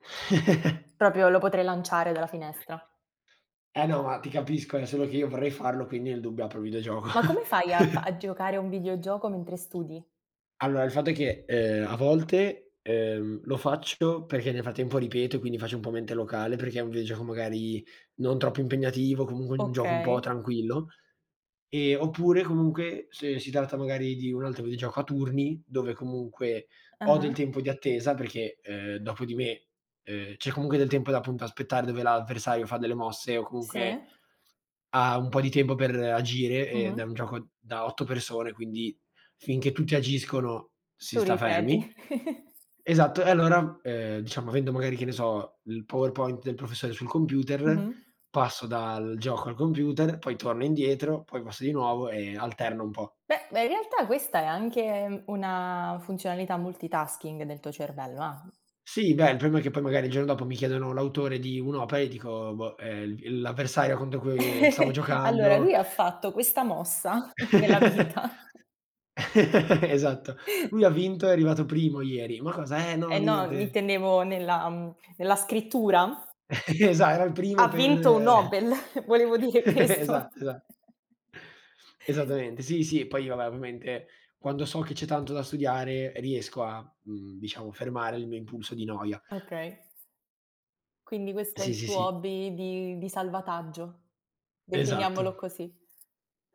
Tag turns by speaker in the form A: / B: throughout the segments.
A: Proprio lo potrei lanciare dalla finestra.
B: Eh no ma, ti capisco, è solo che io vorrei farlo, quindi nel dubbio apro il videogioco.
A: Ma come fai a fa a giocare a un videogioco mentre studi?
B: Allora, il fatto è che, ehm, a volte, ehm, lo faccio perché, nel frattempo, ripeto e, quindi, faccio un po' mente locale, perché è un videogioco, magari, non troppo impegnativo, comunque, un gioco un po'
A: Okay.
B: tranquillo. Ehm, oppure, comunque, se si tratta, magari, di un altro videogioco a turni dove, comunque, ho del
A: Ah-ha.
B: tempo di attesa, perché, ehm, dopo di me, ehm, c'è, comunque, del tempo da, appunto, aspettare, dove l'avversario fa delle mosse o, comunque,
A: Sì.
B: ha un po' di tempo per agire. Ed è
A: Mh-mh.
B: un gioco da 8 persone, quindi, finché tutti agiscono, si
A: Tu
B: sta
A: ripeti.
B: fermi. Esatto. E, allora, ehm, diciamo, avendo, magari, che ne so, il PowerPoint del professore sul computer,
A: Mh-mh.
B: passo dal gioco al computer, poi torno indietro, poi passo di nuovo e alterno un po'.
A: Beh, ehm, in realtà questa è anche una funzionalità multitasking del tuo cervello, ah.
B: Sì, beh il problema è che poi magari il giorno dopo mi chiedono l'autore di un'opera e dico, boh, ehm, l il l'avversario contro cui stavo
A: Allora,
B: giocando.
A: lui ha fatto questa mossa nella vita.
B: Esatto. "Lui ha vinto, è arrivato primo ieri." "Ma cosa?" "Eh, no,
A: Eh no,
B: niente."
A: intendevo nella mhmm, nella scrittura.
B: Esa era il primo
A: Ha vinto un
B: per
A: Nobel, volevo dire
B: Esa
A: questo.
B: esa Esattamente, sì, sì. Poi, vabbè, ovviamente, quando so che c'è tanto da studiare, riesco a, mhmm, diciamo, fermare il mio impulso di noia.
A: Okay. Quindi questo è
B: Sì,
A: il
B: sì,
A: tuo
B: sì.
A: hobby di di salvataggio. Definiamolo
B: Esatto.
A: così.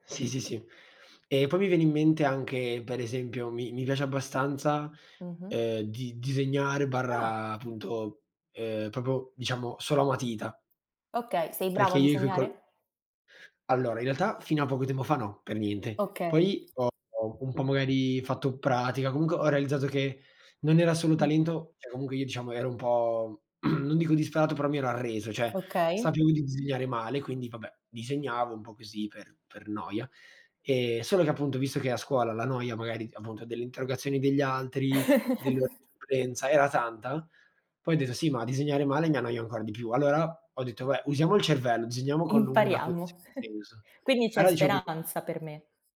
B: Sì, sì, sì. E, poi, mi viene in mente anche, per esempio, mi mi piace abbastanza,
A: Mh-mh.
B: ehm, di disegnare
A: Ah.
B: barra appunto, ehm, proprio, diciamo, solo a matita
A: Okay, sei
B: perché
A: bravo a
B: io coi col
A: disegnare?
B: Allora, in realtà, fino a poco tempo fa, no, per niente.
A: Okay.
B: Poi ho un po', magari, fatto pratica. Comunque, ho realizzato che non era solo
A: Mh.
B: talento. Cioè, comunque, io, diciamo, ero un po' non dico disperato, però mi ero arreso. Cioè,
A: Okay.
B: sapevo di disegnare male, quindi, vabbè, disegnavo un po' così, per per noia. Ehm, solo che, appunto, visto che, a scuola la noia, magari d appunto, delle interrogazioni degli altri, dell'ora di supplenza, era tanta, poi ho detto: “Sì, ma a disegnare male mi annoio ancora di più.” Allora ho detto: “Vabbè, usiamo il cervello, disegniamo con una
A: Impariamo.
B: cognizione di senso.”
A: Quindi c'è
B: Allora dicevo proprio
A: speranza per me.